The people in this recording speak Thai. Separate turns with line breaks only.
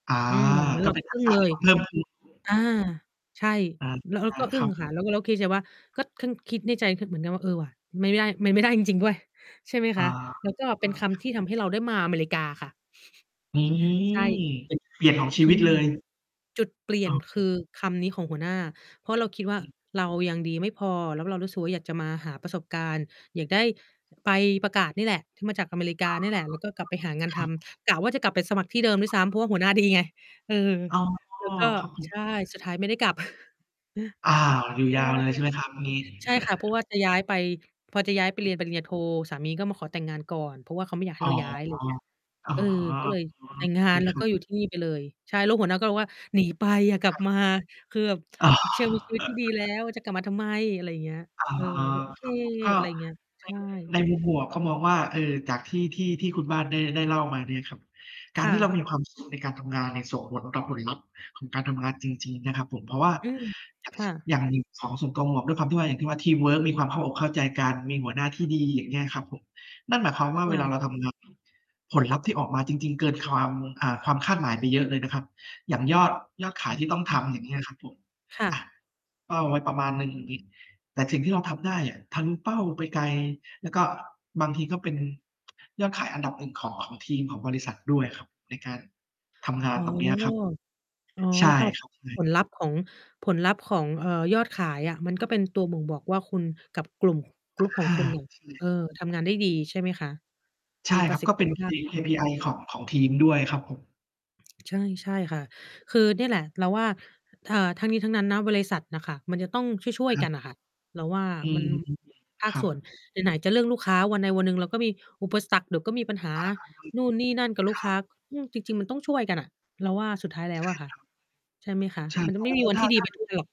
อา
อืม แล้ว
ก
เร
็
า
เป็
ก
น
็
ทั
อึ
ก
้ง
ษะ
เล
ที่
ย
มันเพิ่มขึ้นด้วย
อา ใช่
อา
เรา ก็อ
ค
ึ้
รั
ง
บผม
ค่ะ แล้วก็ แล้วคิดในใจว่า ก็ทั้งคิดในใจ ค เหมือนกันว่า เออ ว่ะ ไมไม่ได้ ไมไม่ได้จริง ๆ ด้วย ใช่ไหม
อ
ค
๋อ
ะ แล้วก็เป็นค
คร
ำ
ั
ท
บ
ี่ทำให้เราได้มาอเมริกาค่ะ
อื
ใช่
ม เป็น เปลี่ยนของชี
อ
ว
ื
ิต
ม
เลย
จุดเปลี่
อ
ย
้
น
อ
ค
คร
ื
ั
อ
บ
คำนี้ของหัวหน้า เพราะเราคิดว่า
อืม
เรายังดีไม่พอ แล้วเรารู้สึกว่า อยากจะมาหาประสบการณ์ อยากได้ ใบ ประกาศนี่แหละ ที่มาจากอเมริก
อ
า
๋อ
นี่แหละ แล้วก็กลับไปหางาน
ครั
ท
บ
ำ กะว่าจะกลับไปสมัครที่เดิมด้วยซ้ำ เพราะว่าหัวหน้าดีไง เออ
อ๋อ
แล้วก็
ครับผ
ใช
ม
่ สุดท้ายไม่ได้กลับ
อา อยู่
ใ
ย
ช่
าวเลย
ค่
ใ
ะ
ช่ไหมครับ งี้?
ใช่ค่ะ เพราะว่าจะย้ายไป พอจะย้ายไปเรียนปริญญาโท สามีก็มาขอแต่งงานก่อน เพราะว่าเขาไม่อยากให
อ
้
๋อ
เราย้าย ไร
อ๋อ
เงี้ย
อ๋อ
เออ ก็เลยแต่งงา
เค
น แล้
ค
ว
รั
ก็
บ
อยู่ที่นี่ ไปเลย ใช่ แล้วหัวหน้าก็บอกว่า "หนีไป อย่ากลั
ค
บ
รับ
มา" คือแบบ
อ๋อ
"เธอ มีชีวิตที่ดี แล้ว จะกลับมาทำไม?" อะไรเงี้ย
อ๋อ
เออ เราก็ โอเค
ครับผม ก็
อะไรอย่างเงี้ย
ใ
ใ
น
ช่
ใน ในมุมบวก เขามองว่า เออ จากที่ ที่ ที่คุณบ้านได้ ได้เล่ามาเนี่ยครับ ก
ค
าร
่
ที่เรา
ะ
มีความ สุข ในการทำงานเนี่ย ส่งผลต่อผลลัพธ์ของการทำงานจริง ๆ นะครับผม เพราะว่า
อืม
อย่าง
ค
ช
่ะ
อย่างหยิ ของส่วนตัวหมวก ด้วยความที่ว่า อย่างที่ว่า ทีมเวิร์กมีความเข้าอกเข้าใจกัน มีหัวหน้าที่ดี อย่างเงี้ยครับผม นั่นหมายความว่า
ค
เ
่
วลา
ะ
เราทำ ง ผลลัพธ์ที่ออกมาจริง ๆ เกินความ อ่า ความคาดหมายไปเยอะเลยนะครับ อย่างยอด ยอดข
อ
ายที่ต้องท
ืม
ำ อย่างเงี้ยครับผม
ค่
อะ
ะ
เป้าไว้ประมาณหนึ่ง อย่างงี้ แต่สิ่งที่เราทำได้อะทะลุเป้าไปไกล แล้วก็บางทีก็เป็นยอดขายอันดับ 1 ของ ของทีม ของบริษัทด้วย ครับ ในการทำงา
อ
น
๋อ
ตรงเนี้ยครับ
อ๋อ
ใช่
ค่ะ
ครับ เล
ผ
ย
ลลัพธ์ของ ผลลัพธ์ของ เอ่อ ยอดขายอะ มันก็เป็นตัวบ่งบอกว่า คุณกับกลุ่ม Group ข
อ
อง
า
คุณน่ะ
ใช
เ
่
ออ ทำงานได้ดี ใช่ไหมคะ?
ใช
ม
่
ีป
ค
ร
รั
ะ
บ
สิ
ก
ท
็
ธ
เป
ิ
็น
ภ
K
าพ
KPI ของ ของทีมด้วยครับผม
ใช่ ใช่ค่ะ คือเนี่ยแหละ เราว่า เอ่อ ทั้งนี้ทั้งนั้นนะ บริษัทน่ะค่ะมันจะต้องช่ว
ค
ย
รั
ๆ ก
บ
ันน่ะค่ะ เราว่า
อื
มั
อ
น อ
ฮึ
ภา
ค
ค
รั
ส่วน
บ
ไหน ไหนจะเรื่องลูกค้า วันใดวันหนึ่งเราก็มีอุปสรรค เดี๋ยวก็มีปัญหา
อะฮะ
นู่นนี่นั่นกับล
ค
ูก
ร
ค
ั
้า
บ
อืม จริง ๆ มันต้องช่วยกันอะ เราว่า สุดท้ายแล้
ใช
ว
่
อะค่ะ
ครับ
ใช่ไหมคะ?
ใช่
มันจ
แล
ะ
้
ไ
ว
ม่
ก็
มี
ถ
วั
ถ
น
้
ท
า
ี่ดี
ถ้า
ไป
เกิ
ท
ด
ุกวัน หรอก